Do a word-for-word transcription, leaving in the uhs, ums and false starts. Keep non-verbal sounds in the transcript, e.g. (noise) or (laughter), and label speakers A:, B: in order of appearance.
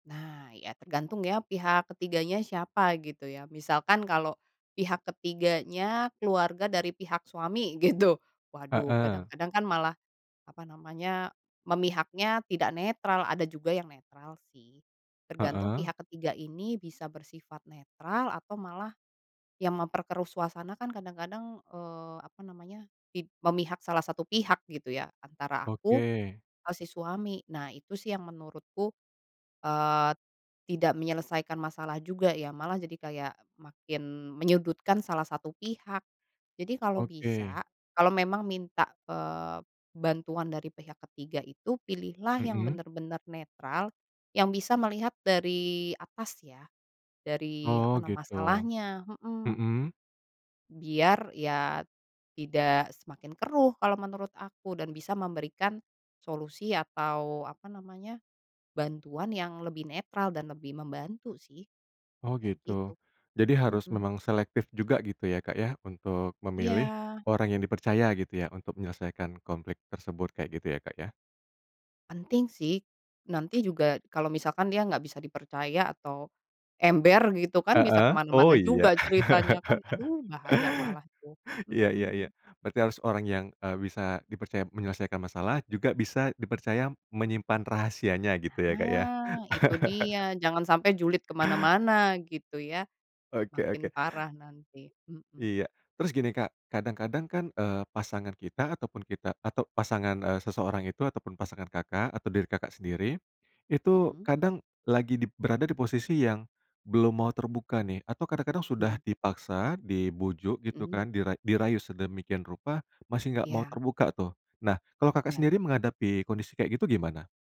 A: Nah, ya tergantung ya, pihak ketiganya siapa gitu ya, misalkan kalau pihak ketiganya keluarga dari pihak suami gitu. Waduh,
B: Heeh.
A: kadang-kadang kan malah apa namanya, memihaknya tidak netral, ada juga yang netral sih, tergantung
B: Heeh.
A: pihak ketiga ini bisa bersifat netral atau malah, yang memperkeruh suasana, kan kadang-kadang eee, apa namanya, pid memihak salah satu pihak gitu ya, antara aku
B: Oke.
A: atau si suami. Nah, itu sih yang menurutku, eee, tidak menyelesaikan masalah juga ya. Malah jadi kayak makin menyudutkan salah satu pihak. Jadi, kalau
B: Oke.
A: bisa, kalau memang minta, eee, bantuan dari pihak ketiga itu, pilihlah yang
B: Mhm.
A: bener-bener netral, yang bisa melihat dari atas ya. Dari apa
B: Oh,
A: na
B: gitu.
A: masalahnya, mhm.
B: Mhm.
A: Biar, ya tidak semakin keruh kalau menurut aku dan bisa memberikan solusi atau apa namanya, bantuan yang lebih netral dan lebih membantu sih,
B: Oh
A: ya
B: gitu,
A: gitu.
B: jadi, harus
A: Mhm.
B: memang selektif juga gitu ya, Kak, ya, untuk memilih
A: Iya.
B: orang yang dipercaya gitu ya, untuk menyelesaikan konflik tersebut, kayak gitu, ya, Kak, ya?
A: Penting sih, nanti juga kalau misalkan dia nggak bisa dipercaya atau ember gitu kan, bisa ke
B: Heeh, oh,
A: mana-mana
B: iya.
A: juga ceritanya kan,
B: (chuckles)
A: aduh bahaya malah itu.
B: Iya iya iya.
A: Mhm.
B: Berarti harus orang yang, eee, bisa dipercaya menyelesaikan masalah, juga bisa dipercaya menyimpan rahasianya gitu ya, Kak, ya?
A: Nah, itu dia,
B: (chuckles)
A: jangan sampai julid ke mana-mana gitu ya,
B: Oke
A: makin
B: oke.
A: parah nanti. Mhm.
B: Iya. Terus gini, Kak, kadang-kadang kan, eee, pasangan kita ataupun kita atau pasangan, eee, seseorang itu, ataupun pasangan, Kakak, atau diri, Kakak, sendiri.
A: Mmm,
B: Itu
A: mhm.
B: kadang lagi dip berada di posisi yang belum mau terbuka nih, atau kadang-kadang sudah
A: Mhm.
B: dipaksa, dibujuk gitu
A: Mhm.
B: kan, dira dirayu sedemikian rupa, masih nggak mau
A: Iya.
B: terbuka tuh. Nah, kalau, Kakak,
A: Iya.
B: sendiri menghadapi kondisi kayak gitu, gimana?